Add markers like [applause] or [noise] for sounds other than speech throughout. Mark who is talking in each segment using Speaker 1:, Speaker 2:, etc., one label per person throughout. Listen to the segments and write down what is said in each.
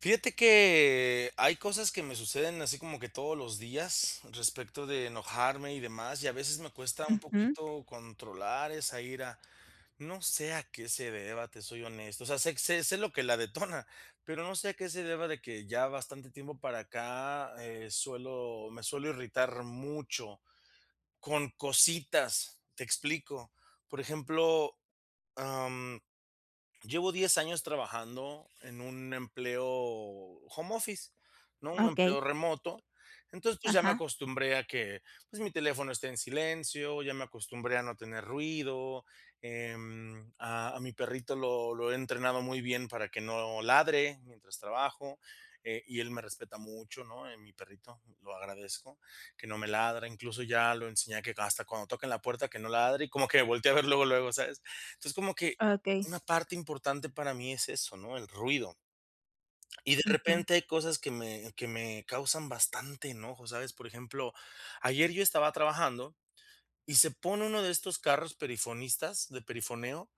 Speaker 1: Fíjate que, hay cosas que me suceden así como que todos los días, respecto de enojarme y demás, y a veces me cuesta un
Speaker 2: Ujú.
Speaker 1: poquito controlar esa ira. No sé a qué se deba, te soy honesto, o sea sé sé sé lo que la detona, pero no sé a qué se deba de que, ya bastante tiempo para acá, eh, suelo me suelo irritar mucho con cositas. Te explico, por ejemplo, am, llevo 10 años trabajando en un empleo home office, ¿no? Un
Speaker 2: Okey.
Speaker 1: empleo remoto, entonces, pues, ya me
Speaker 2: Ajá.
Speaker 1: acostumbré a que, pues, mi teléfono esté en silencio, ya me acostumbré a no tener ruido. Em, a a mi perrito lo lo he entrenado muy bien para que no ladre mientras trabajo. Eh, y él me respeta mucho, ¿no? Eh, mi perrito, lo agradezco, que no me ladra, incluso ya lo enseñé que hasta cuando tocan la puerta, que no ladre y como que me voltee a ver luego, luego, ¿sabes? Entonces, como que
Speaker 2: Okey.
Speaker 1: una parte importante para mí es eso, ¿no? El ruido. Y de
Speaker 2: Ujú.
Speaker 1: repente hay cosas que me que me causan bastante enojo, ¿sabes? Por ejemplo, ayer yo estaba trabajando y se pone uno de estos carros perifonistas, de perifoneo,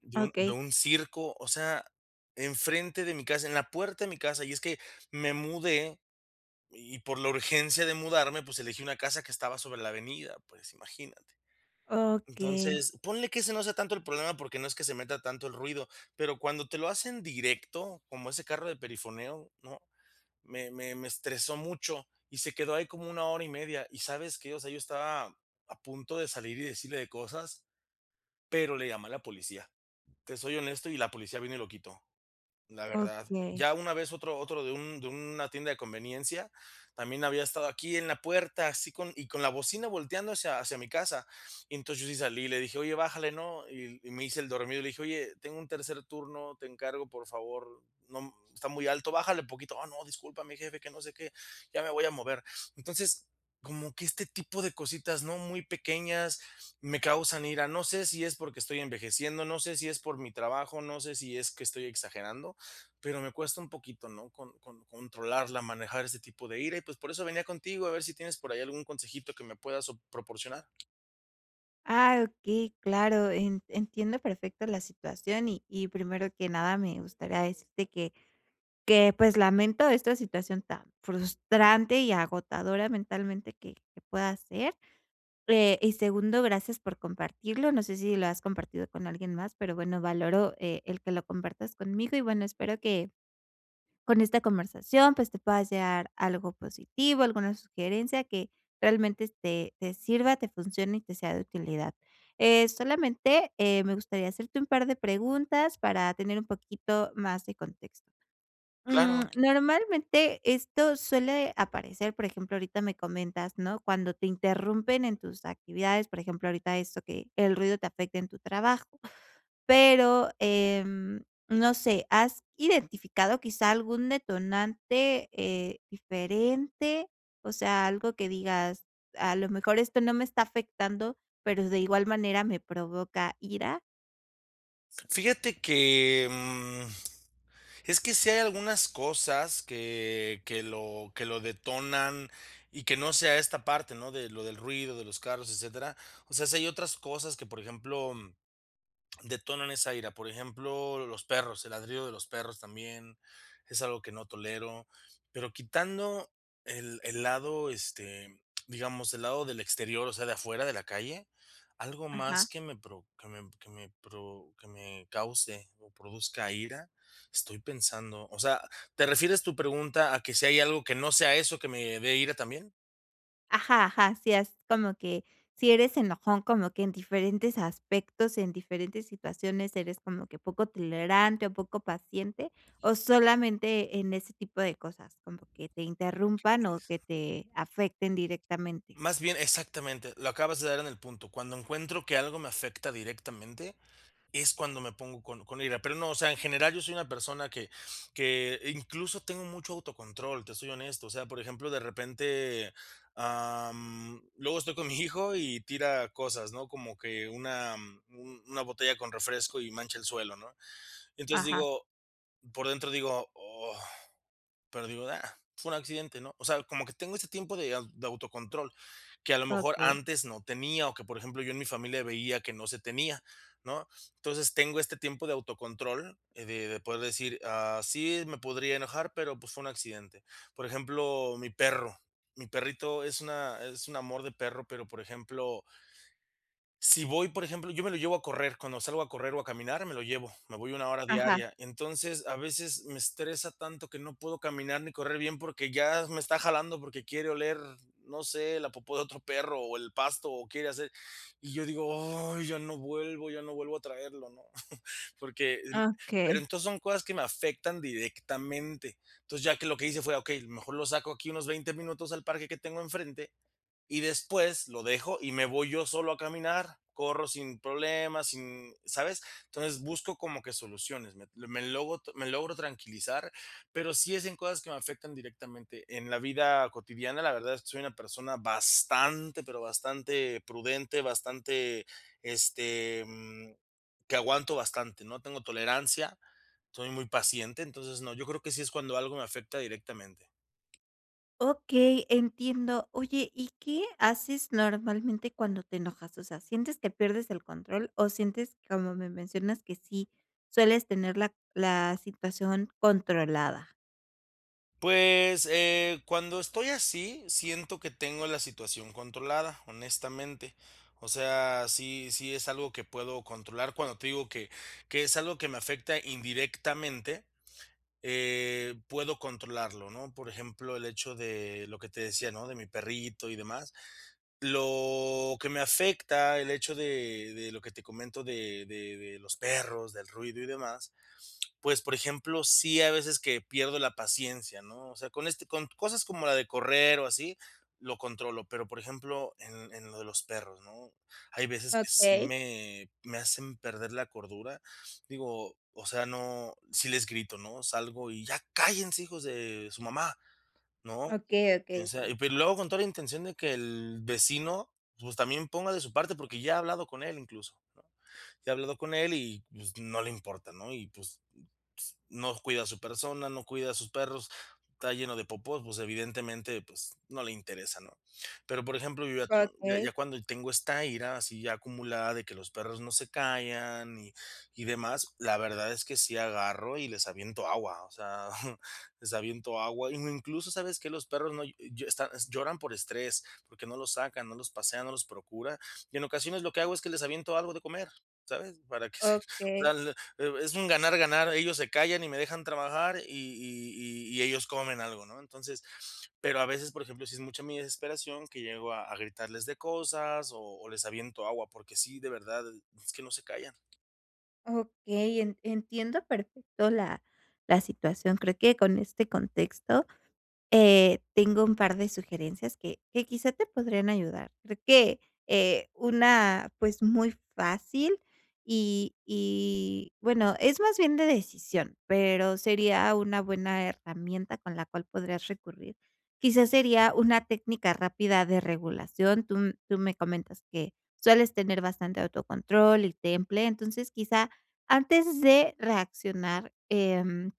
Speaker 1: de un de
Speaker 2: Okey.
Speaker 1: un circo, o sea, enfrente de mi casa, en la puerta de mi casa, y es que, me mudé y por la urgencia de mudarme, pues elegí una casa que estaba sobre la avenida, pues imagínate.
Speaker 2: Okey.
Speaker 1: Entonces, ponle que ese no sea tanto el problema porque no es que se meta tanto el ruido, pero cuando te lo hacen directo, como ese carro de perifoneo, ¿no? Me me me estresó mucho y se quedó ahí como una hora y media, ¿y sabes qué? O sea, yo estaba a punto de salir y decirle de cosas, pero le llame la policía, te soy honesto y la policía vino y lo quitó, la verdad,
Speaker 2: Okey.
Speaker 1: ya una vez otro otro de un de una tienda de conveniencia también había estado aquí en la puerta, así con y con la bocina volteando hacia hacia mi casa. Entonces yo sí salí y le dije: "Oye bájale ¿no?". Y y me hice el dormido y le dije: "Oye tengo un tercer turno, te encargo por favor, no está muy alto, bájale poquito". "Oh no, disculpa mi jefe", que no sé qué, "ya me voy a mover". Entonces como que este tipo de cositas ¿no? Muy pequeñas, me causan ira. No sé si es porque estoy envejeciendo, no sé si es por mi trabajo, no sé si es que estoy exagerando, pero me cuesta un poquito ¿no? Con con controlarla, manejar ese tipo de ira y pues por eso venía contigo, a ver si tienes por ahí algún consejito que me puedas, proporcionar.
Speaker 2: Ah, okey, claro, en entiendo perfecto la situación, y y primero que nada me gustaría decirte que, que pues lamento esta situación tan frustrante y agotadora mentalmente que que pueda ser. Eh, y segundo, gracias por compartirlo, no sé si lo has compartido con alguien más, pero bueno valoro, eh, el que lo compartas conmigo, y bueno espero que, con esta conversación, pues, te puedas llevar algo positivo, alguna sugerencia que realmente te te sirva, te funcione, y te sea de utilidad. Eh, solamente, eh, me gustaría hacerte un par de preguntas para tener un poquito más de contexto. Mm,
Speaker 1: Claro.
Speaker 2: ¿normalmente esto suele aparecer? Por ejemplo, ahorita me comentas, ¿no? Cuando te interrumpen en tus actividades, por ejemplo, ahorita eso, que el ruido te afecte en tu trabajo, pero em, no sé, ¿has identificado quizá algún detonante, eh, diferente? O sea, algo que digas: "A lo mejor esto no me está afectando, pero, de igual manera me provoca ira".
Speaker 1: Fíjate que, mm, es que si hay algunas cosas que que lo que lo detonan y que no sea esta parte, ¿no?, de lo del ruido, de los carros, etcétera, o sea, si hay otras cosas que, por ejemplo, detonan esa ira, por ejemplo, los perros, el ladrido de los perros también, es algo que no tolero, pero quitando el el lado, este, digamos, el lado del exterior, o sea, de afuera de la calle, ¿algo más
Speaker 2: Ajá.
Speaker 1: que me pro que me que me pro que me cause o produzca ira? Estoy pensando, o sea, ¿te refieres tu pregunta a que si hay algo que no sea eso que me dé ira también?
Speaker 2: Ajá, ajá, así es como que, ¿si eres enojón como que en diferentes aspectos?, en diferentes situaciones eres como que poco tolerante o poco paciente, ¿o solamente en ese tipo de cosas?, como que te interrumpan o que
Speaker 1: [unintelligible]
Speaker 2: te afecten directamente.
Speaker 1: Más bien Exactamente, lo acabas de dar en el punto. Cuando encuentro que algo me afecta directamente, es cuando me pongo con con ira, pero no, o sea, en general yo soy una persona que que incluso tengo mucho autocontrol, te soy honesto, o sea, por ejemplo, de repente, ah, mm, luego estoy con mi hijo y tira cosas, ¿no?, como que una una botella con refresco y mancha el suelo, ¿no?, entonces,
Speaker 2: Ajá.
Speaker 1: digo, por dentro digo: "Oh", pero digo: "Ah, fue un accidente", ¿no?, o sea, como que tengo ese tiempo de au de autocontrol, que a lo mejor
Speaker 2: Okey.
Speaker 1: antes no tenía, o que, por ejemplo, yo en mi familia veía que no se tenía, ¿no?, entonces, tengo este tiempo de autocontrol de de poder decir: "Ah, sí, me podría enojar, pero, pues, fue un accidente". Por ejemplo, mi perro, mi perrito es una es un amor de perro, pero, por ejemplo si voy, por ejemplo, yo me lo llevo a correr, cuando salgo a correr o a caminar, me lo llevo, me voy 1 hora
Speaker 2: Ajá.
Speaker 1: diaria, entonces, a veces me estresa tanto que no puedo caminar ni correr bien porque ya me está jalando porque quiere oler, no sé, la popo de otro perro o el pasto o quiere hacer, y yo digo: "Ay, ya no vuelvo ya no vuelvo a traerlo", ¿no?, [chuckles] porque, en pero
Speaker 2: Okey.
Speaker 1: entonces son cosas que me afectan directamente, entonces, ya que lo que hice fue: "Okey, mejor lo saco aquí unos 20 minutos al parque que tengo enfrente y después lo dejo y me voy yo solo a caminar, corro sin problemas, sin", ¿sabes? Entonces busco como que soluciones, me me logo me logro tranquilizar, pero sí es en cosas que me afectan directamente. En la vida cotidiana, la verdad es que soy una persona bastante, pero bastante prudente, bastante, este, mm, que aguanto bastante, ¿no?, tengo tolerancia, soy muy paciente, entonces, no, yo creo que sí es cuando algo me afecta directamente.
Speaker 2: Okey, entiendo. Oye, ¿Y qué haces normalmente cuando te enojas? O sea, ¿sientes que pierdes el control o sientes, como me mencionas, que sí sueles tener la la situación controlada?
Speaker 1: Pues, eh, cuando estoy así siento que tengo la situación controlada, honestamente. O sea, sí sí es algo que puedo controlar cuando te digo que que es algo que me afecta indirectamente, eh, puedo controlarlo, ¿no? Por ejemplo, el hecho de lo que te decía, ¿no? De mi perrito y demás. Lo que me afecta, el hecho de de lo que te comento, de de de los perros, del ruido y demás. Pues, por ejemplo, sí hay veces que pierdo la paciencia, ¿no? O sea, con este, con cosas como la de correr o así, lo controlo. Pero, por ejemplo, en en lo de los perros, ¿no? Hay veces que sí
Speaker 2: Okey.
Speaker 1: me me hacen perder la cordura. Digo, o sea, no, sí les grito, ¿no? Salgo y ya cállense, hijos de su mamá, ¿no?
Speaker 2: Okey, okey,
Speaker 1: O sea,
Speaker 2: okey.
Speaker 1: y luego con toda la intención de que el vecino, pues, también ponga de su parte, porque ya ha hablado con él incluso, ¿no? Ya ha hablado con él y, pues, no le importa, ¿no? Y pues [shushes] no cuida a su persona, no cuida a sus perros, está lleno de popó, pues evidentemente, pues no le interesa, ¿no? Pero, por ejemplo, yo ya
Speaker 2: Okey.
Speaker 1: ya cuando tengo esta ira así ya acumulada de que los perros no se callan y y demás, la verdad es que sí agarro y les aviento agua. O sea, [chuckles] les aviento agua. Incluso, ¿sabes qué? Los perros no, están, est lloran por estrés, porque no los sacan, no los pasean, no los procuran. Y en ocasiones lo que hago es que les aviento algo de comer, ¿sabes? Para que se, [chuckles] o
Speaker 2: Okey.
Speaker 1: sea, es un ganar-ganar, ellos se callan y me dejan trabajar y y y ellos comen algo, ¿no? Entonces, pero a veces, por ejemplo, sí es mucha mi desesperación que llego a a gritarles de cosas o o les aviento agua, porque sí, de verdad, es que no se callan.
Speaker 2: Okey, en entiendo perfecto la la la situación. Creo que con este contexto, eh, tengo un par de sugerencias que que quizá te podrían ayudar. Creo que, eh, una, pues, muy fácil y y bueno, es más bien de decisión, pero sería una buena herramienta con la cual podrías recurrir. Quizás sería una técnica rápida de regulación, tú tú me comentas que sueles tener bastante autocontrol y temple, entonces quizá, antes de reaccionar, em,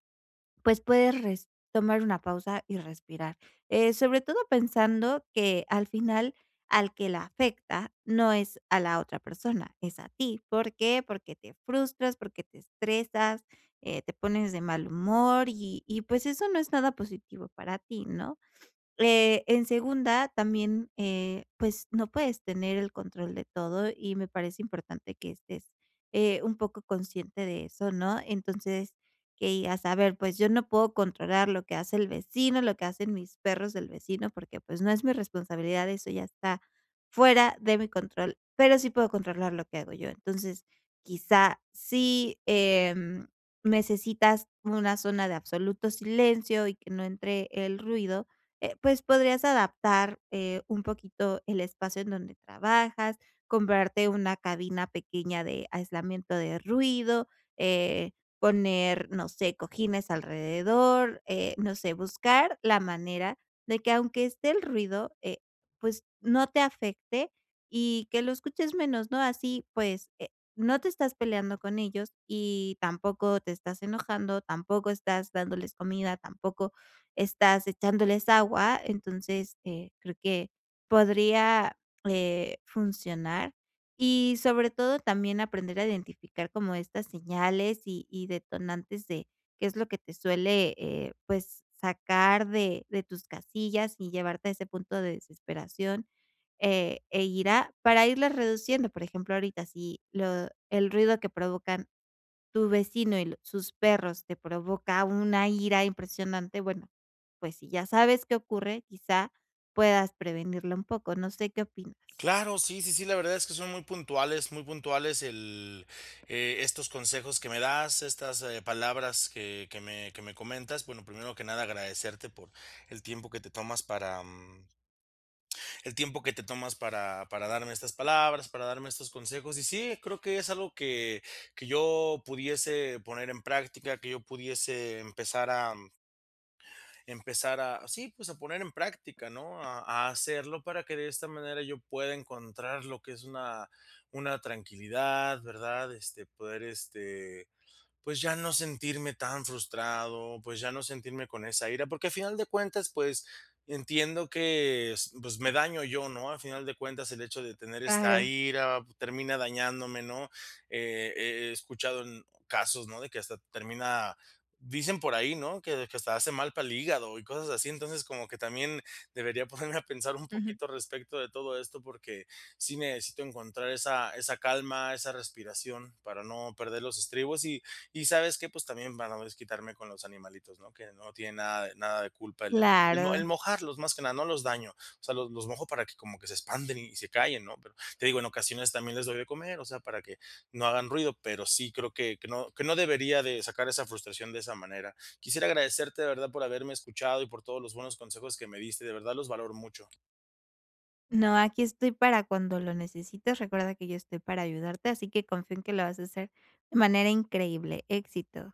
Speaker 2: pues puedes resp tomar una pausa y respirar, eh, sobre todo pensando que al final, al que la afecta no es a la otra persona, es a ti, ¿por qué?, porque te frustras, porque te estresas, eh, te pones de mal humor y y pues, eso no es nada positivo para ti, ¿no?, eh, en segunda, también, eh, pues, no puedes tener el control de todo y me parece importante que estés, eh, un poco consciente de eso, ¿no?, entonces, que digas a ver, pues yo no puedo controlar lo que hace el vecino, lo que hacen mis perros del vecino, porque pues no es mi responsabilidad, eso ya está fuera de mi control. Pero sí puedo controlar lo que hago yo. Entonces, quizás si, em, necesitas una zona de absoluto silencio y que no entre el ruido, eh, pues podrías adaptar, eh, un poquito el espacio en donde trabajas, comprarte una cabina pequeña de aislamiento de ruido, eh, poner, no sé, cojines alrededor, eh, no sé, buscar la manera de que aunque esté el ruido, eh, pues no te afecte y que lo escuches menos, ¿no?, así pues, eh, no te estás peleando con ellos, y tampoco te estás enojando, tampoco estás dándoles comida, tampoco estás echándoles agua. Entonces, eh, creo que podría, eh, funcionar y sobre todo también aprender a identificar como estas señales y y detonantes de qué es lo que te suele, eh, pues sacar de de tus casillas y llevarte a ese punto de desesperación, eh, e irá para irles reduciendo. Por ejemplo, ahorita si lo el ruido que provocan tu vecino y sus perros te provoca una ira impresionante, bueno, pues si ya sabes qué ocurre, quizá, puedas prevenirlo un poco. No sé, ¿qué opinas?
Speaker 1: Claro, sí, sí, sí, la verdad es que son muy puntuales, muy puntuales el eh, estos consejos que me das, estas palabras que que me que me comentas. Bueno, primero que nada agradecerte por el tiempo que te tomas para, mm el, tiempo que te tomas para para darme estas palabras, para darme estos consejos. Y sí, creo que es algo que que yo pudiese poner en práctica, que yo pudiese empezar a empezar a, sí, pues, a poner en práctica, ¿no?, a a hacerlo para que de esta manera yo pueda encontrar lo que es una una tranquilidad, ¿verdad?, este, poder, este, pues, ya no sentirme tan frustrado, pues, ya no sentirme con esa ira. Porque a final de cuentas, pues, entiendo que es pues me daño yo, ¿no?, a final de cuentas el hecho de tener esta
Speaker 2: Claro.
Speaker 1: ira termina dañándome, ¿no?, he he he escuchado en casos, ¿no?, de que hasta termina dicen por ahí, ¿no?, que que hasta hace mal para el hígado y cosas así. Entonces, como que también debería ponerme a pensar un
Speaker 2: Ujú.
Speaker 1: poquito respecto de todo esto, porque sí necesito encontrar esa esa calma, esa respiración para no perder los estribos, ¿y y sabes qué?, pues, también para no desquitarme con los animalitos, ¿no?, que no tienen nada de nada de culpa el el
Speaker 2: ¡Claro!
Speaker 1: mojarlos, más que nada, no los daño. O sea, los los mojo para que como que se expanden y se callen, ¿no?, pero, te digo, en ocasiones también les doy de comer, o sea, para que no hagan ruido. Pero sí creo que que no que no debería de sacar esa frustración de esa manera. Quisiera agradecerte, de verdad, por haberme escuchado y por todos los buenos consejos que me diste. De verdad, los valoro mucho.
Speaker 2: No, aquí estoy para cuando lo necesites, recuerda que yo estoy para ayudarte, así que confía en que lo vas a hacer de manera increíble. Éxito.